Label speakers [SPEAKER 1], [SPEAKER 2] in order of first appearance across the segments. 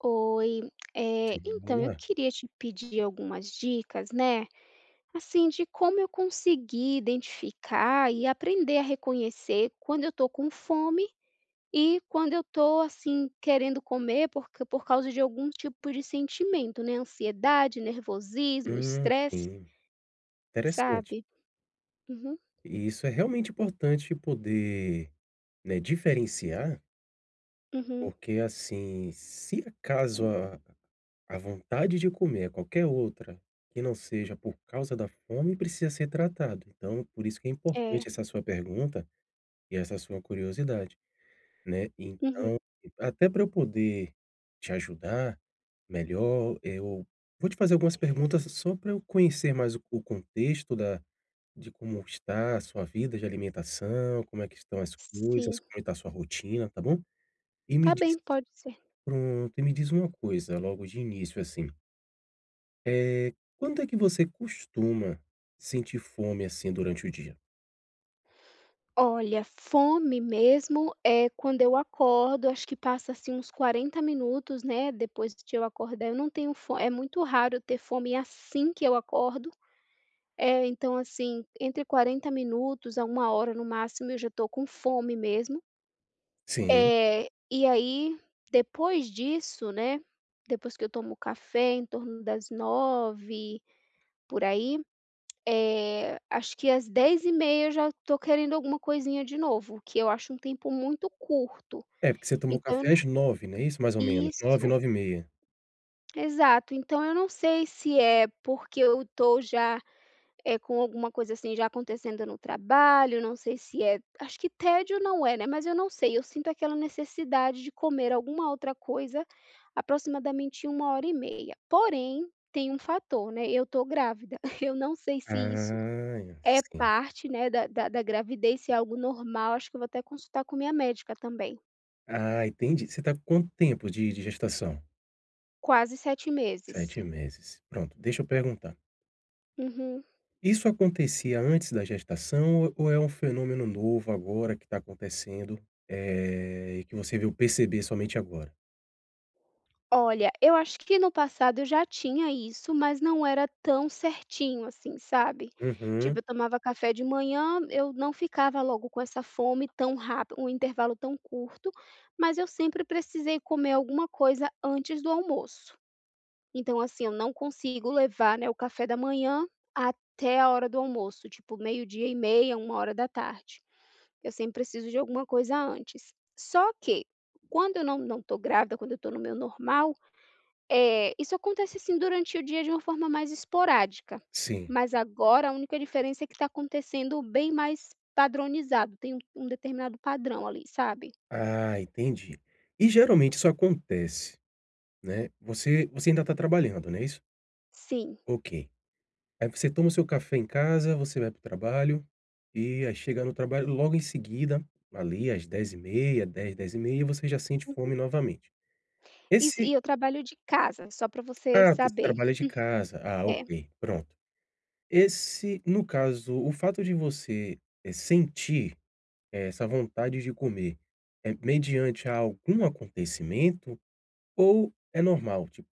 [SPEAKER 1] Oi, eh,
[SPEAKER 2] Tudo bom,
[SPEAKER 1] então, eu
[SPEAKER 2] né.
[SPEAKER 1] queria te pedir algumas dicas, né, assim, de como eu conseguir identificar e aprender a reconhecer quando eu tô com fome e quando eu tô assim, querendo comer porque por causa de algum tipo de sentimento, né. Ansiedade, nervosismo,
[SPEAKER 2] Hum,
[SPEAKER 1] estresse
[SPEAKER 2] sim. Interessante.
[SPEAKER 1] sabe? Uhum.
[SPEAKER 2] E isso é realmente importante poder, né, diferenciar
[SPEAKER 1] Uhum.
[SPEAKER 2] porque, assim, se acaso a a vontade de comer a qualquer outra que não seja por causa da fome, precisa ser tratado. Então, por isso que é
[SPEAKER 1] É
[SPEAKER 2] importante essa sua pergunta e essa sua curiosidade, né.
[SPEAKER 1] Uhum.
[SPEAKER 2] Então, até pra eu poder te ajudar melhor, eu vou te fazer algumas perguntas só para eu conhecer mais o o contexto da de como está a sua vida de alimentação, como é que estão as coisas,
[SPEAKER 1] Sim.
[SPEAKER 2] como está a sua rotina, tá bom? E me
[SPEAKER 1] Tá
[SPEAKER 2] diz
[SPEAKER 1] bem, pode ser.
[SPEAKER 2] pronto, e me diz uma coisa logo de início, assim. Eh, quando é que você costuma sentir fome, assim, durante o dia?
[SPEAKER 1] Olha, fome mesmo é quando eu acordo. Eu acho que passa, assim, uns 40 minutos, né, depois de eu acordar, eu não tenho fo eh, é muito raro eu ter fome assim que eu acordo. Eh, então, assim, entre 40 minutos a 1 hora, no máximo, eu já estou com fome mesmo.
[SPEAKER 2] Sim.
[SPEAKER 1] Eh, e aí, depois disso, né. Depois que eu tomo café em torno das 09:00 por aí, eh, acho que às 10:30 eu já estou querendo alguma coisinha de novo, que eu acho um tempo muito curto,
[SPEAKER 2] É, porque você tomou
[SPEAKER 1] então eu
[SPEAKER 2] café
[SPEAKER 1] não
[SPEAKER 2] às 09:00, não é isso? Mais ou menos 09:00,
[SPEAKER 1] Isso.
[SPEAKER 2] 09:30.
[SPEAKER 1] Exato. Então eu não sei se é porque eu estou já, eh, com alguma coisa, assim, já acontecendo no trabalho. Não sei se é Acho que tédio não é, né. Mas eu não sei. Eu sinto aquela necessidade de comer alguma outra coisa aproximadamente 1 hora e meia. Porém, tem um fator, né. Eu tô grávida. Eu não sei se isso
[SPEAKER 2] Ah, é,
[SPEAKER 1] é
[SPEAKER 2] sim.
[SPEAKER 1] parte, né, da da da gravidez, se é algo normal. Acho que eu vou até consultar com a minha médica também.
[SPEAKER 2] Ah, entendi. Você tá com quanto tempo de de gestação?
[SPEAKER 1] Quase 7 meses.
[SPEAKER 2] 7 meses. Pronto, deixa eu perguntar.
[SPEAKER 1] Uhum.
[SPEAKER 2] Isso acontecia antes da gestação ou é um fenômeno novo agora que está acontecendo, eh, e que você veio perceber somente agora?
[SPEAKER 1] Olha, eu acho que no passado eu já tinha isso, mas não era tão certinho, assim, sabe,
[SPEAKER 2] Uhum.
[SPEAKER 1] tipo eu tomava café de manhã. Eu não ficava logo com essa fome tão rap um intervalo tão curto, mas eu sempre precisei comer alguma coisa antes do almoço. Então, assim, eu não consigo levar, né, o café da manhã até a hora do almoço, tipo 12h30, 13h00. Eu sempre preciso de alguma coisa antes. Só que quando eu não não tô grávida, quando eu tô no meu normal, eh, isso acontece, assim, durante o dia, de uma forma mais esporádica.
[SPEAKER 2] Sim.
[SPEAKER 1] Mas agora, a única diferença é que está acontecendo bem mais padronizado. Tem um um determinado padrão ali, sabe.
[SPEAKER 2] Ah, entendi. E geralmente isso acontece, né. Você você ainda tá trabalhando, não é isso?
[SPEAKER 1] Sim.
[SPEAKER 2] Ok, aí você toma o seu café em casa, você vai para o trabalho, eh, aí chega no trabalho logo em seguida, ali, às 10h30, 10h00, 10h30, você já sente
[SPEAKER 1] Uhum.
[SPEAKER 2] fome novamente.
[SPEAKER 1] Isso,
[SPEAKER 2] Esse
[SPEAKER 1] e eu trabalho de casa, só para você
[SPEAKER 2] Ah, você
[SPEAKER 1] saber.
[SPEAKER 2] trabalho de casa. Ah,
[SPEAKER 1] É.
[SPEAKER 2] ok, pronto. Esse no caso, o fato de você, eh, sentir ,eh, essa vontade de comer, eh, mediante algum acontecimento ou é normal, tipo,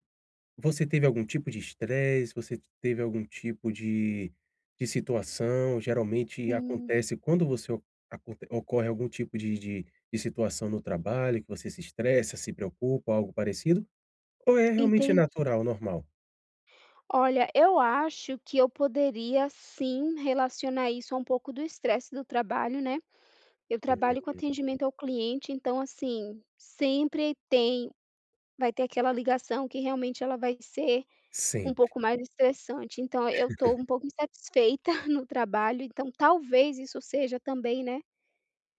[SPEAKER 2] você teve algum tipo de estresse, você teve algum tipo de de situação. Geralmente
[SPEAKER 1] Hum.
[SPEAKER 2] acontece quando você o aconte ocorre algum tipo de de de situação no trabalho que você se estressa, se preocupa algo parecido, ou é realmente
[SPEAKER 1] Entendi.
[SPEAKER 2] natural, normal?
[SPEAKER 1] Olha, eu acho que eu poderia sim, relacionar isso a um pouco do estresse do trabalho, né. Eu
[SPEAKER 2] Hum.
[SPEAKER 1] trabalho com atendimento ao cliente, então, assim, sempre tem, vai ter aquela ligação que realmente ela vai ser um
[SPEAKER 2] Sempre.
[SPEAKER 1] pouco mais estressante. Então, eu tô um pouco insatisfeita no trabalho. Então, talvez isso seja também, né,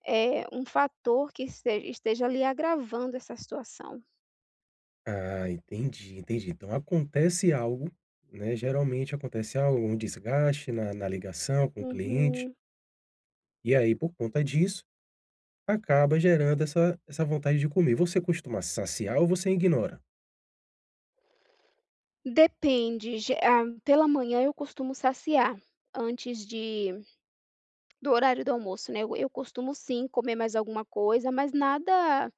[SPEAKER 1] eh, um fator que este esteja, ali, agravando essa situação.
[SPEAKER 2] Ah, entendi, entendi. Então acontece algo, né, geralmente acontece algo, um desgaste na na ligação com o cliente.
[SPEAKER 1] Uhum.
[SPEAKER 2] E aí, por conta disso, acaba gerando essa essa vontade de comer. Você costuma saciar ou você ignora?
[SPEAKER 1] Depende, ge ah, pela manhã, eu costumo saciar antes de do horário do almoço, né, eu eu costumo sim, comer mais alguma coisa, mas nada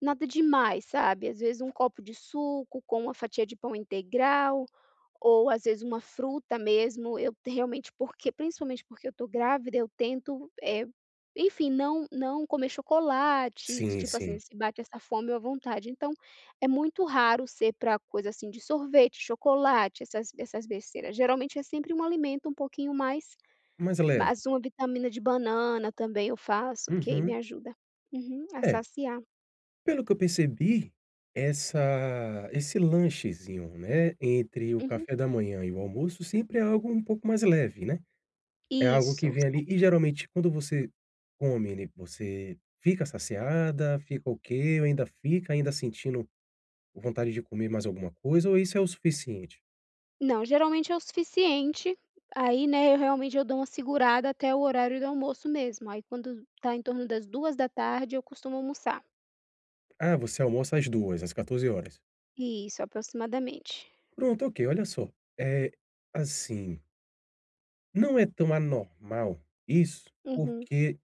[SPEAKER 1] nada demais, sabe. Às vezes um copo de suco com uma fatia de pão integral ou às vezes uma fruta mesmo. Eu t realmente, porque, principalmente porque eu estou grávida, eu tento, eh, enfim, não não comer chocolate,
[SPEAKER 2] Sim,
[SPEAKER 1] tipo assim,
[SPEAKER 2] sim.
[SPEAKER 1] se bate essa fome ou a vontade. Então é muito raro ser para coisa, assim, de sorvete, chocolate, essas b essas besteiras, geralmente é sempre um alimento um pouquinho mais
[SPEAKER 2] Mais
[SPEAKER 1] ma
[SPEAKER 2] leve.
[SPEAKER 1] uma vitamina de banana também, eu faço, porque aí me
[SPEAKER 2] Uhum.
[SPEAKER 1] ajuda uhum, a
[SPEAKER 2] É.
[SPEAKER 1] saciar.
[SPEAKER 2] Pelo que eu percebi essa esse lanchezinho, né, entre o
[SPEAKER 1] Uhum.
[SPEAKER 2] café da manhã e o almoço sempre é algo um pouco mais leve, né, é algo que
[SPEAKER 1] Isso,
[SPEAKER 2] vem, ali e
[SPEAKER 1] sempre.
[SPEAKER 2] geralmente quando você come, né, você fica saciada, fica ok ou ainda fica ainda sentindo vontade de comer mais alguma coisa, ou isso é o suficiente?
[SPEAKER 1] Não, geralmente é o suficiente, aí, né, eu realmente eu dou uma segurada até o horário do almoço mesmo. Aí, quando tá em torno das 14:00, eu costumo almoçar.
[SPEAKER 2] Ah, você almoça às 2, às 14 horas?
[SPEAKER 1] Isso, aproximadamente.
[SPEAKER 2] Pronto, ok, olha só, eh, assim não é tão anormal isso,
[SPEAKER 1] Uhum.
[SPEAKER 2] porque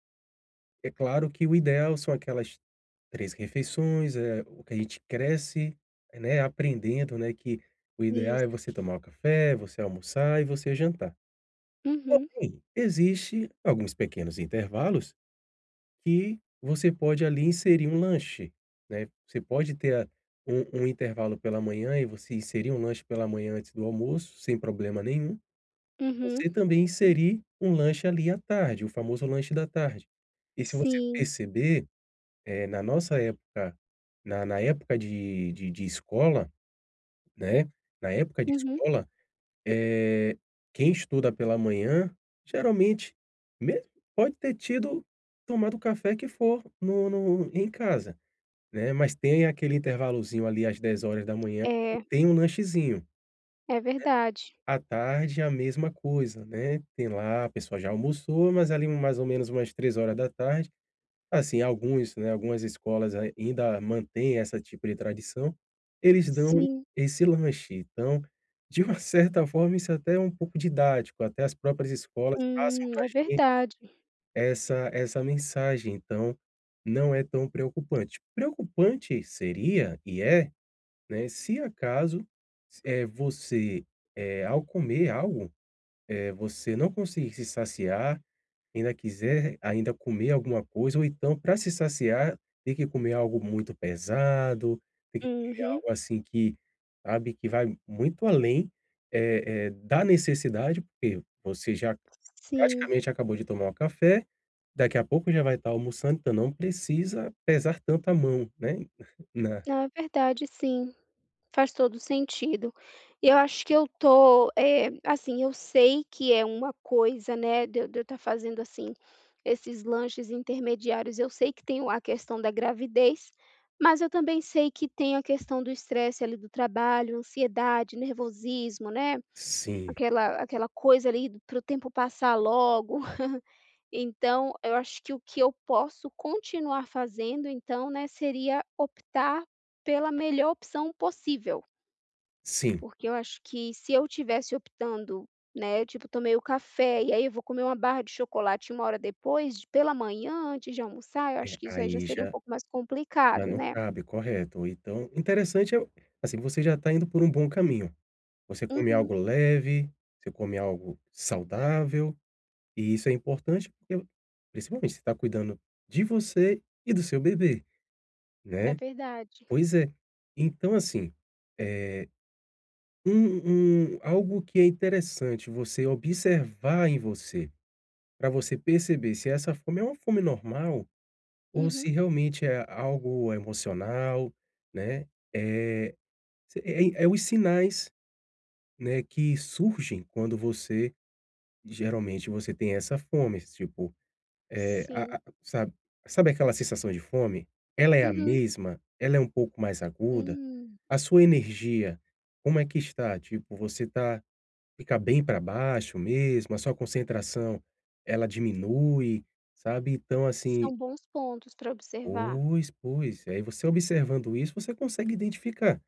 [SPEAKER 2] é claro que o ideal são aquelas 3 refeições. É o que a gente cresce, né, aprendendo, né, que o ideal
[SPEAKER 1] Isso.
[SPEAKER 2] é você tomar o café, você almoçar e você jantar.
[SPEAKER 1] Uhum.
[SPEAKER 2] Porém, existe alguns pequenos intervalos que você pode, ali, inserir um lanche, né. Você pode ter a um um intervalo pela manhã e você inserir um lanche pela manhã antes do almoço, sem problema nenhum.
[SPEAKER 1] Uhum.
[SPEAKER 2] Você também inserir um lanche, ali, à tarde, o famoso lanche da tarde. E se você
[SPEAKER 1] Sim.
[SPEAKER 2] perceber, eh, na nossa época, na na época de de de escola, né, na época de
[SPEAKER 1] Uhum.
[SPEAKER 2] escola, eh, quem estuda pela manhã, geralmente mesmo pode ter tido tomado café que for no no em casa, né, mas tem aquele intervalozinho, ali, às 10:00, que
[SPEAKER 1] É.
[SPEAKER 2] tem um lanchezinho, né.
[SPEAKER 1] É verdade.
[SPEAKER 2] A tarde é a mesma coisa, né, tem lá a pessoa já almoçou, mas ali mais ou menos umas 15:00 assim, alguns, né, algumas escolas ainda mantém essa tipo de tradição, eles dão
[SPEAKER 1] Sim.
[SPEAKER 2] esse lanche. Então, de uma certa forma, isso até é um pouco didático. Até as próprias escolas passam
[SPEAKER 1] Hum,
[SPEAKER 2] para a
[SPEAKER 1] é
[SPEAKER 2] gente
[SPEAKER 1] verdade.
[SPEAKER 2] essa essa mensagem, então não é tão preocupante. Preocupante seria, e é, né, se acaso, eh, você, eh, ao comer algo, eh, você não conseguir se saciar, ainda quiser r ainda comer alguma coisa, ou então, para se saciar, tem que comer algo muito pesado, tem que comer
[SPEAKER 1] Uhum.
[SPEAKER 2] algo, assim, que, sabe, que vai muito além, eh eh, da necessidade, porque você já
[SPEAKER 1] Sim.
[SPEAKER 2] praticamente acabou de tomar um café. Daqui a pouco já vai estar almoçando. Então, não precisa pesar tanto a mão, né, na
[SPEAKER 1] Ah, verdade, sim, faz todo o sentido. Eu acho que eu tô, eh, assim, eu sei que é uma coisa, né, de eu de eu estar fazendo, assim, esses lanches intermediários. Eu sei que tem o a questão da gravidez, mas eu também sei que tem a questão do estresse, ali, do trabalho, ansiedade, nervosismo, né.
[SPEAKER 2] Sim.
[SPEAKER 1] Aquela aquela coisa, ali, para o tempo passar logo. Então, eu acho que o que eu posso continuar fazendo, então, né, seria optar pela melhor opção possível.
[SPEAKER 2] Sim.
[SPEAKER 1] Porque eu acho que se eu tivesse optando, né. Tipo, eu tomei o café, e aí eu vou comer uma barra de chocolate, 1 hora depois d pela manhã, antes de almoçar. Eu
[SPEAKER 2] É,
[SPEAKER 1] acho que isso aí já
[SPEAKER 2] aí
[SPEAKER 1] seria um
[SPEAKER 2] já
[SPEAKER 1] pouco mais
[SPEAKER 2] já
[SPEAKER 1] complicado,
[SPEAKER 2] não
[SPEAKER 1] né.
[SPEAKER 2] cabe, correto. Então, interessante é assim, você já está indo por um bom caminho. Você come
[SPEAKER 1] Uhum.
[SPEAKER 2] algo leve, você come algo saudável, e isso é importante, porque principalmente você está cuidando de você e do seu bebê,
[SPEAKER 1] É
[SPEAKER 2] né.
[SPEAKER 1] verdade.
[SPEAKER 2] Pois é, então assim, eh, um um algo que é interessante você observar em você, pra você perceber se essa fome é uma fome normal ou se
[SPEAKER 1] Uhum.
[SPEAKER 2] realmente é algo emocional, né. Eh, se é é os sinais, né, que surgem quando você geralmente você tem essa fome, tipo, é a
[SPEAKER 1] Sim.
[SPEAKER 2] a sabe sabe aquela sensação de fome? Ela é a
[SPEAKER 1] Uhum.
[SPEAKER 2] mesma? Ela é um pouco mais aguda?
[SPEAKER 1] Hum.
[SPEAKER 2] A sua energia, como é que está? Tipo, você tá fica bem para baixo mesmo, a sua concentração, ela diminui, sabe. Então, assim
[SPEAKER 1] São bons pontos pra observar.
[SPEAKER 2] Pois, pois, aí você observando isso, você consegue identificar,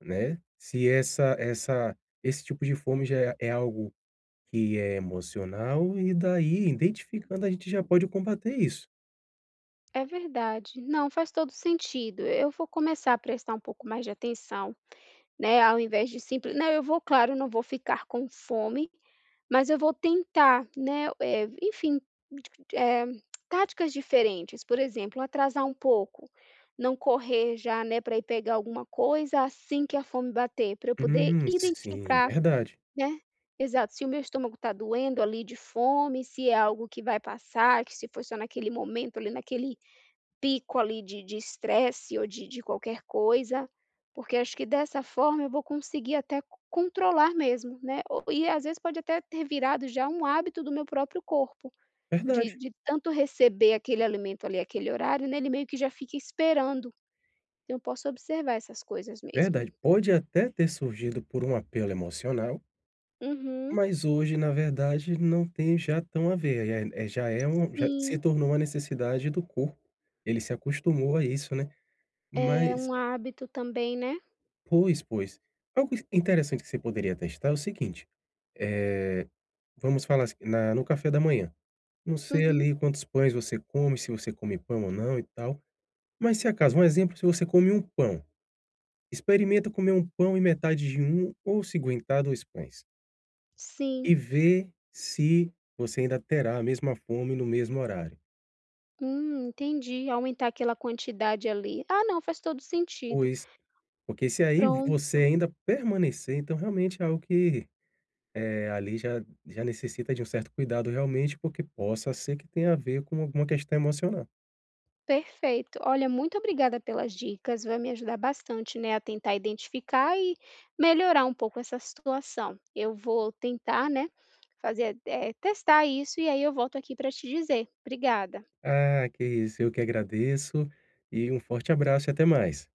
[SPEAKER 2] né. Se essa essa esse tipo de fome já é é algo que é emocional e daí, identificando, a gente já pode combater isso.
[SPEAKER 1] É verdade. Não, faz todo o sentido. Eu vou começar a prestar um pouco mais de atenção, né, ao invés de simple não, eu vou claro, não vou ficar com fome, mas eu vou tentar, né. Eh, enfim, eh, táticas diferentes, por exemplo, atrasar um pouco, não correr já, né, pra ir pegar alguma coisa, assim que a fome bater, pra eu poder
[SPEAKER 2] Uhum, sim,
[SPEAKER 1] identificar,
[SPEAKER 2] verdade.
[SPEAKER 1] né. Exato, se o meu estômago tá doendo ali de fome, se é algo que vai passar, que se foi só naquele momento ali, naquele pico ali de de estresse ou de de qualquer coisa, porque acho que, dessa forma, eu vou conseguir até c controlar mesmo, né, ou e às vezes pode até ter virado já um hábito do meu próprio corpo, de
[SPEAKER 2] Verdade.
[SPEAKER 1] de tanto receber aquele alimento ali, aquele horário, né, ele meio que já fica esperando. Então eu posso observar essas coisas mesmo.
[SPEAKER 2] Verdade, pode até ter surgido por um apelo emocional
[SPEAKER 1] Uhum.
[SPEAKER 2] mas hoje, na verdade, não tem já tão a ver. Aí, eh eh, já é um já se
[SPEAKER 1] Sim.
[SPEAKER 2] tornou uma necessidade do corpo, ele se acostumou a isso, né.
[SPEAKER 1] É
[SPEAKER 2] Mas
[SPEAKER 1] um hábito também, né?
[SPEAKER 2] Pois pois, algo i interessante que você poderia testar é o seguinte: eh, vamos falar, assim, na no café da manhã. Não sei
[SPEAKER 1] Uhum.
[SPEAKER 2] ali quantos pães você come, se você come pão ou não, e tal. Mas, se acaso, um exemplo, se você come 1 pão, experimenta comer 1 pão e metade de 1, ou, se aguentar, 2 pães e
[SPEAKER 1] Sim.
[SPEAKER 2] ver se você ainda terá a mesma fome no mesmo horário.
[SPEAKER 1] Hum, entendi. Aumentar aquela quantidade ali. Ah, não, faz todo o sentido.
[SPEAKER 2] Pois, porque se aí você
[SPEAKER 1] Pronto.
[SPEAKER 2] ainda permanecer, então realmente é algo que, eh, ali já já necessita de um certo cuidado realmente, porque possa ser que tenha a ver com alguma questão emocional.
[SPEAKER 1] Perfeito, olha, muito obrigada pelas dicas. Vai me ajudar bastante, né, a tentar identificar e melhorar um pouco essa situação. Eu vou tentar, né, fazer eh, testar isso, e aí eu volto aqui pra te dizer. Obrigada.
[SPEAKER 2] Ah, que isso, eu que agradeço e um forte abraço e até mais.